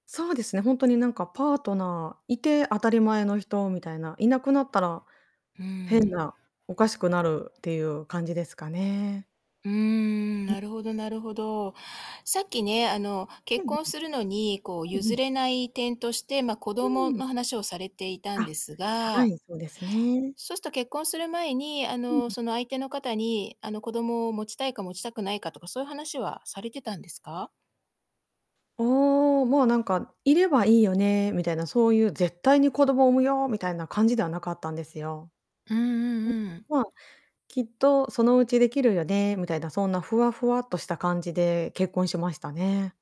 そうですね、ほんとになんかパートナーいて当たり前の人みたいな。いなくなったら、うー変ん。な、おかしくなるっていう感じですかね。うーん、うん。なるほどなるほど。さっきね、あのう結んうん。婚するのに、こううんう譲ん。れない点として、ま、子う供ーん。の話をされていたんあ、ですはがい、そうですね。そうすと結婚する前に、あうの、ん。その相手の方に、あの子供を持ちたいか持ちたくないかとか、そういう話はされてたんですか？おお、もうなんかいればいいよねみたいな、そういう絶対に子供を産むよみたいな感じではなかったんですよ。うんうんうん。うん。ま、きっとそのうちできるよねみたいな、そんなふわふわっとした感じで結婚しましたね。